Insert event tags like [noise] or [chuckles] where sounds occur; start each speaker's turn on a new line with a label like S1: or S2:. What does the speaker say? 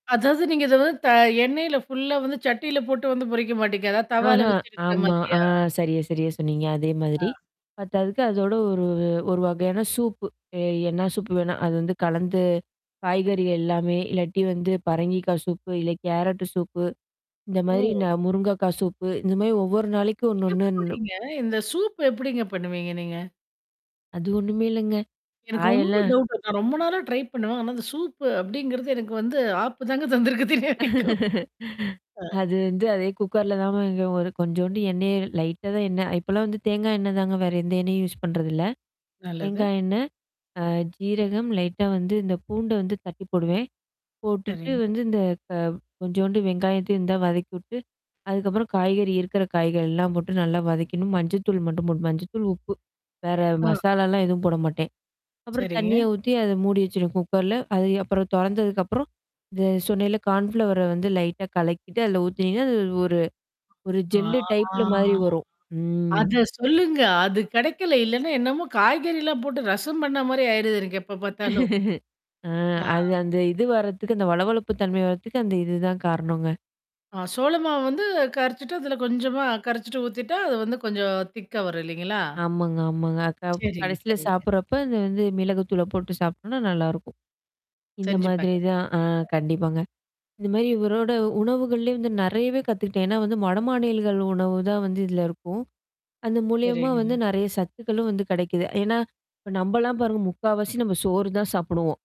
S1: அதாவது நீங்க இத வந்து த எண்ணெய்ல ஃபுல்லா வந்து சட்டில போட்டு வந்து பொரிக்க மாட்டீங்க? அதாவது தவால
S2: ஆஹா
S1: வச்செடுக்கிற
S2: ஆமா. ஆ
S1: மாதிரியா?
S2: சரியா சரியா சொன்னீங்க. அதே
S1: ஆ.
S2: மாதிரி. பத்தாதுக்கு அதோட ஒரு ஒரு வகையான சூப்பு. எ என்ன சூப்பு வேணா அது வந்து கலந்து, காய்கறிகள் எல்லாமே, இல்லாட்டி வந்து பரங்கிக்காய் சூப்பு, இல்ல கேரட் சூப்பு. இந்த மாரி
S1: ஓ!
S2: ந முருங்கக்காய் சூப்பு, இந்த மாரி ஒவ்வொரு நாளைக்கும் ஒண்ணு, ஒண்ணு
S1: எப்படிங்க? இந்த சூப் எப்படிங்க பண்ணுவீங்க நீங்க?
S2: அது ஒண்ணுமே இல்லங்க.
S1: எனக்கு ரொம்ப
S2: காயெல்லாம்
S1: டவுட் இருக்கும் நான் ரொம்ப நாளா ட்ரை பண்ணுவேன். ஆனா அந்த சூப்பு அப்படிங்கிறது எனக்கு வந்து ஆப்பு தாங்க தந்திருக்கு இன்னிய வரைக்கும்.
S2: [chuckles]
S1: ஆ.
S2: அது வந்து அதே குக்கர்ல தான் [unintelligible] கொஞ்சோண்டு எண்ணெய் லைட்டா தான் எண்ணெய் இப்பலாம் வந்து தேங்காய் எண்ணெய் தாங்க, வேற எந்த எண்ணெயும் யூஸ் பண்றதுல்ல.
S1: நல்லது.
S2: தேங்காய் எண்ணெய், அ ஜீரகம் லைட்டா வந்து இந்த பூண்ட வந்து தட்டி போடுவேன். போட்டுட்டு
S1: சரிங்.
S2: வந்து இந்த க கொஞ்சோண்டு வெங்காயத்தையும் இருந்தா வதக்கி விட்டு, அதுக்கப்புறம் காய்கறி இருக்கிற காய்கள் எல்லாம் போட்டு நல்லா வதைக்கணும். மஞ்சள்த்தூள் மட்டும் போட்டு மஞ்சத்தூள், உப்பு. வேற
S1: ஆ.
S2: மசாலாலாம் எதுவும் போட மாட்டேன். அப்புறம்
S1: சரிங்க.
S2: தண்ணிய ஊத்தி அத மூடி வச்சுடுவேன் குக்கர்ல. அது அப்புறம் தொறந்ததுக்கப்புறம், இந்த சொன்னன்ல கான்ஃப்ளவர வந்து லைட்டா கலக்கிட்டு அதில ஊத்துனீங்கன்னா, அது ஒரு ஒரு
S1: ஆ.
S2: ஜெல்லு டைப்ல மாாரி வரும். ம்.
S1: அத சொல்லுங்க. அது கிடைக்கல. இல்லன்னா என்னமோ காய்கறிலாம் போட்டு ரசம் பண்ண மாரி ஆயிடுது, எனக்கு எப்ப பார்த்தாலும்.
S2: [chuckles] ஆ
S1: ஆ.
S2: அது அந்த இது வரதுக்கு அந்த வழவழப்பு தன்மை வரதுக்கு அந்த இதுதான் காரணங்க.
S1: ஆ சோளமாவு வந்து கரைச்சுட்டு, அதுல கொஞ்சமா கரைச்சுட்டு ஊத்திட்டா, அது வந்து கொஞ்சம் திக்கா வரும் இல்லைங்களா?
S2: ஆமாங்க, ஆமாங்க. அ க
S1: சரிங்க,
S2: கடைசியில
S1: சரிங்க.
S2: சாப்படுறப்ப அந்த வந்து மிளகு தூள போட்டு சாப்பி்டோம்னா, நல்லாருக்கும். இந்த
S1: செஞ்சு
S2: மாதிரி
S1: பாக் [unintelligible]
S2: தான் ஆ கண்டிப்பாங்க. இந்த மாரி இவரோட உணவுகள்லயே வந்து நெறையவே கத்துக்கிட்டேன். ஏன்னா வந்து வடமாநிலங்கள் உணவு தான் வந்து இதில இருக்கும். அது மூலியமா
S1: சரிங்க.
S2: வந்து நெறைய சத்துக்களும் வந்து கிடைக்குது. ஏன்னா, இப்ப நம்மலாம் பாருங்க முக்காவாசி நம்ம சோறு தான் சாப்படுவோம்.